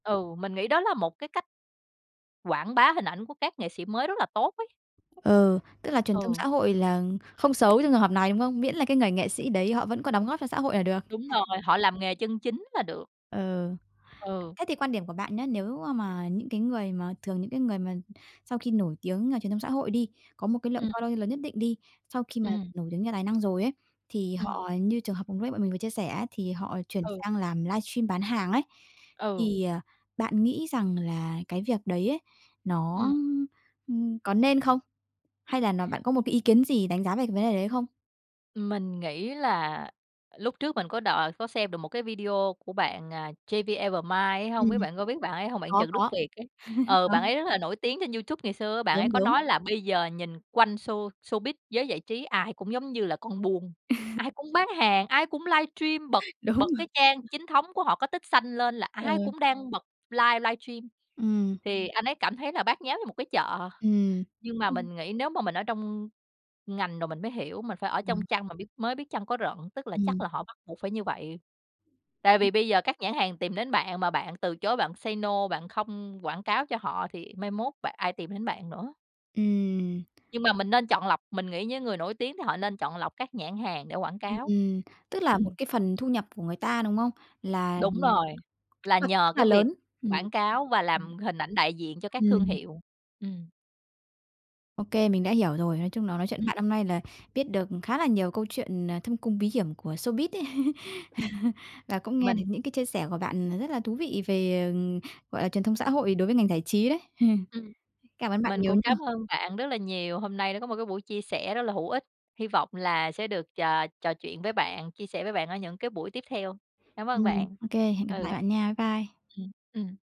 Ừ, mình nghĩ đó là một cái cách quảng bá hình ảnh của các nghệ sĩ mới rất là tốt ấy. Ừ, tức là truyền thông Ừ. xã hội là không xấu trong trường hợp này, đúng không? Miễn là cái người nghệ sĩ đấy họ vẫn có đóng góp cho xã hội là được. Đúng rồi, [unintelligible] họ làm nghề chân chính là được. Ờ. Ừ. Thế thì quan điểm của bạn nhá, nếu mà những cái người mà thường những cái người mà sau khi nổi tiếng ở truyền thông xã hội đi, có một cái lượng Ừm. following lớn nhất định đi, sau khi mà Ừm. nổi tiếng nhờ tài năng rồi ấy, thì Ừm. họ như trường hợp vừa nãy bọn mình vừa chia sẻ á, thì họ chuyển Ừ. sang làm livestream bán hàng ấy, Ừ. thì, ờ, bạn nghĩ rằng là cái việc đấy ấy, nó, Ừm. ưm, có nên không? Hay là nó bạn có một cái ý kiến gì đánh giá về cái vấn đề đấy không? Mình nghĩ là lúc trước mình có đòi có xem được một cái video của bạn, à, JVevermind ấy hông biết Ừm. bạn có biết bạn ấy hông, bạn Có, Trần Đức có. Việt ấy? Ừ, Hả? bạn ấy rất là nổi tiếng trên YouTube ngày xưa á, bạn ấy Đúng, có đúng. nói là bây giờ nhìn quanh show showbiz, giới giải trí ai cũng giống như là con buôn, ai cũng bán hàng, ai cũng livestream bật Đúng bật rồi. cái trang chính thống của họ có tích xanh lên là Ờ. ai cũng đang bật live livestream Ừm. thì anh ấy cảm thấy là bát nháo như một cái chợ, Ừm. nhưng mà Ừm. mình nghĩ nếu mà mình ở trong ngành rồi mình mới hiểu, mình phải ở trong Ừm. chăn mà biết mới biết chăn có rận, tức là chắc Ừm. là họ bắt buộc phải như vậy. Tại vì bây giờ các nhãn hàng tìm đến bạn mà bạn từ chối, bạn say no, bạn không quảng cáo cho họ thì mai mốt bạn ai tìm đến bạn nữa? Ừm. Nhưng mà mình nên chọn lọc, mình nghĩ những người nổi tiếng thì họ nên chọn lọc các nhãn hàng để quảng cáo. Ừm, tức là một Ừm. cái phần thu nhập của người ta, đúng không? Là Đúng rồi, là [unintelligible] là nhờ rất là cái việc lớn. Ừm. quảng cáo và Ừm. làm hình ảnh đại diện cho các thương Ừm. hiệu, ừm. Ô kê, mình đã hiểu rồi. Nói chung là nói chuyện với Ừm. bạn hôm nay là biết được khá là nhiều câu chuyện, ờ, thâm cung bí hiểm của showbiz ấy. Ừm. Và cũng nghe được Mình những cái chia sẻ của bạn, ờ, rất là thú vị về, ờ, gọi là, truyền thông xã hội đối với ngành giải trí đấy. Ừm, Cảm ơn bạn mình nhiều cũng nha. cám ơn bạn rất là nhiều, hôm nay đã có một cái buổi chia sẻ rất là hữu ích. Hi vọng là sẽ được, chà, trò chuyện với bạn, chia sẻ với bạn ở những cái buổi tiếp theo. Cảm ơn Ừm, bạn. ô kê, hẹn gặp lại Ừ. bạn nha. Bye. Ừm, ừm.